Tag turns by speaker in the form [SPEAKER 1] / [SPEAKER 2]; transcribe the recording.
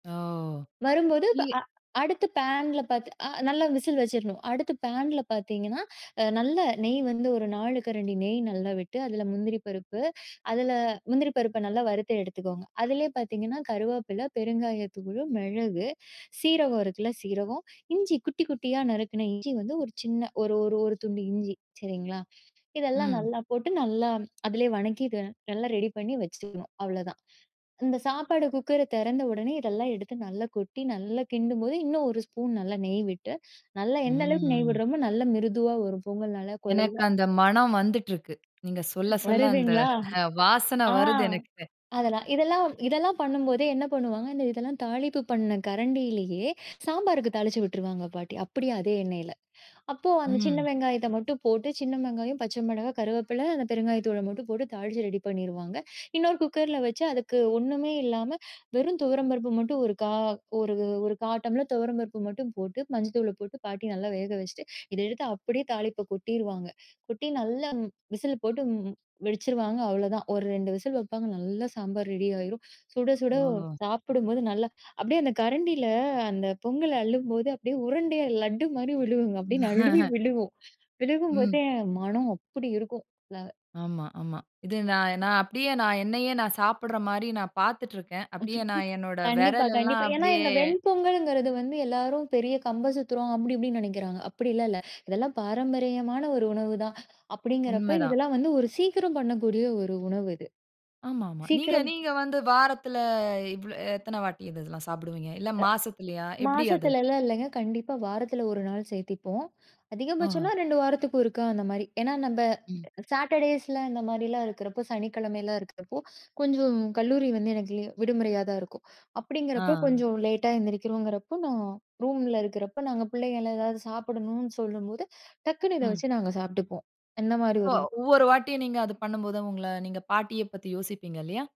[SPEAKER 1] ஓ!
[SPEAKER 2] வரும்போது ப
[SPEAKER 1] நீங்க
[SPEAKER 2] அ அடுத்து பேன்ல பாத்து அ நல்லா விசில் வச்சுரணும், அடுத்து பேன்ல பாத்தீங்கன்னா, அ நல்ல நெய் வந்து ஒரு நாளு கரண்டி நெய் நல்லா விட்டு, அதுல முந்திரி பருப்பு, அதுல முந்திரி பருப்ப நல்லா வறுத்து எடுத்துக்கோங்க. அதுலயே பாத்தீங்கன்னா கருவேப்பில, பெருங்காயத்தூளு, மிளகு, சீரகம் இருக்குல்ல, சீரகம், இஞ்சி குட்டி, குட்டியா நறுக்குன இஞ்சி வந்து ஒரு சின்ன ஒரு-ஒரு-ஒரு துண்டு இஞ்சி சரிங்களா? இதெல்லாம்
[SPEAKER 1] ம்.
[SPEAKER 2] நல்லா போட்டு, நல்லா அதிலயே வதக்கிட்டு இத நல்லா ரெடி பண்ணி வச்சுக்கணும், அவ்ளதான். இந்த சாப்பாடு குக்கர தெறந்த உடனே இதெல்லாம் எடுத்து நல்லா கொட்டி நல்லா கிண்டும்போது இன்னும் ஒரு ஸ்பூன் நல்லா நெய் விட்டு, நல்லா எந்த அளவுக்கு நெய்
[SPEAKER 1] ம்.
[SPEAKER 2] விடுறோமோ நல்ல மிருதுவா வரும், பொங்கல் நல்லா
[SPEAKER 1] எனக்கு
[SPEAKER 2] கொழைவா.
[SPEAKER 1] அந்த மனம் வந்துட்ருக்கு. நீங்க சொல்ல சொல்ல, அந்த
[SPEAKER 2] வருதுங்களா!
[SPEAKER 1] அ வாசன
[SPEAKER 2] ஆ,
[SPEAKER 1] வருது எனக்கு.
[SPEAKER 2] அதெல்லாம், இதெல்லாம், இதெல்லாம் பண்ணும்போதே என்ன பண்ணுவாங்க. இந்த இதெல்லாம் தாளித்த பண்ண கரண்டியிலயே சாம்பாருக்கு தாளிச்சு விட்ருவாங்க பாட்டி. அப்டியே அதே எண்ணெயில அப்போ அந்த சின்ன
[SPEAKER 1] ம்.
[SPEAKER 2] வெங்காயத்த மட்டும் போட்டு, சின்ன வெங்காயம், பச்ச மிளகா, கருவேப்பில, அந்த பெருங்காயத் தூள மட்டும் போட்டு தாளிச்சு ரெடி பண்ணிருவாங்க. இன்னொரு குக்கர்ல வச்சு, அதுக்கு ஒண்ணுமே இல்லாம, வெறும் துவரம்பருப்பு மட்டும், ஒரு கா ஒரு, ஒரு 1/4 டம்ளர் துவரம்பருப்பு மட்டும் போட்டு, மஞ்ச தூள போட்டு, பாட்டி நல்லா வேக வச்சுட்டு, இத எடுத்து அப்டியே தாளித்தத கொட்டிருவாங்க. கொட்டி நல்லா விசில் போட்டு ம் வச்சிடுவாங்க அவ்வளோ தான், ஒரு ரெண்டு விசில் வப்பாங்க, நல்லா சாம்பார் ரெடி ஆயிரும். சுட, சுட
[SPEAKER 1] ஓஹோ!
[SPEAKER 2] சாப்புடும்போது, நல்லா அப்டியே அந்த கரண்டில, அந்த பொங்கல் அள்ளும்போது அப்டியே உருண்டையா லட்டு மாரி விழுகும்ங்க அப்டியே நழுவி விழுகும்
[SPEAKER 1] ம்.
[SPEAKER 2] விழுகும்போதே, மனம் அப்படி இருக்கும்! ல
[SPEAKER 1] ஆமா, ஆமா. இது நான், நான் அப்டியே நான் என்னையே, நான் சாப்டுற மாரி நான் பாத்துட்ருக்கேன். அப்டியே நான் என்னோட
[SPEAKER 2] கண்டிப்பா,
[SPEAKER 1] விரல் எல்லாம்
[SPEAKER 2] கண்டிப்பா, ஏன்னா
[SPEAKER 1] அப்டியே
[SPEAKER 2] இந்த வெண்பொங்கல்ங்கறது வந்து, எல்லாரும் பெரிய கம்பு சுத்துகிறோம், அப்டி இப்டினு நெனைக்கிறாங்க, அப்டிலாம் இல்ல. இதெல்லாம் பாரம்பரியமான ஒரு உணவுதான் அப்படிங்கறப்ப,
[SPEAKER 1] உண்மதான்.
[SPEAKER 2] இதெல்லாம் வந்து ஒரு சீக்கிரம் பண்ணக்கூடிய ஒரு உணவு இது.
[SPEAKER 1] ஆமா, ஆமா. நீங்க
[SPEAKER 2] சீக்கிரம்.
[SPEAKER 1] நீங்க வந்து வாரத்துல இவ்ள எத்தன வாட்டி இதெல்லாம் சாப்டுவீங்க? இல்ல மாசத்துலியா?
[SPEAKER 2] அ
[SPEAKER 1] எப்டி அது?
[SPEAKER 2] மாசத்துலலாம் இல்லங்க, கண்டிப்பா வாரத்துல ஒரு நாள் சேத்துபோம், அதிகபச்சம்ன்னா
[SPEAKER 1] ஆஹ!
[SPEAKER 2] ரெண்டு வாரத்துக்கு ஒருக்க அந்த மாரி. ஏன்னா நம்ப
[SPEAKER 1] ம்.
[SPEAKER 2] சேட்டர்டேய்ஸ் ல இந்த மாரிலாம் இருக்கறப்போ, சனிக்கிழமைலாம் இருக்கறப்போ, கொஞ்சம் கல்லூரி வந்து எனக்கு லீ விடுமுறையா தான் இருக்கும் அப்டிங்கிறப்போ,
[SPEAKER 1] ஆ.
[SPEAKER 2] கொஞ்சம் லேட்டா எந்திரிக்கிறோங்றப்போ, நான் ரூம்ல இருக்குறப்போ, நாங்க பிள்ளைங்கள் எதாவது சாப்டணுன்னு சொல்லும்போது, டக்குனு இத
[SPEAKER 1] ம்.
[SPEAKER 2] வச்சு நாங்க சாப்ட்டுப்போம், என்ன மாரி
[SPEAKER 1] சோ
[SPEAKER 2] ஒரு
[SPEAKER 1] ஒவ்வொரு வாட்டியும் நீங்க அது பண்ணும்போது அவங்கள நீங்க பாட்டிய பத்தி யோசிப்பீங்க இல்லையா?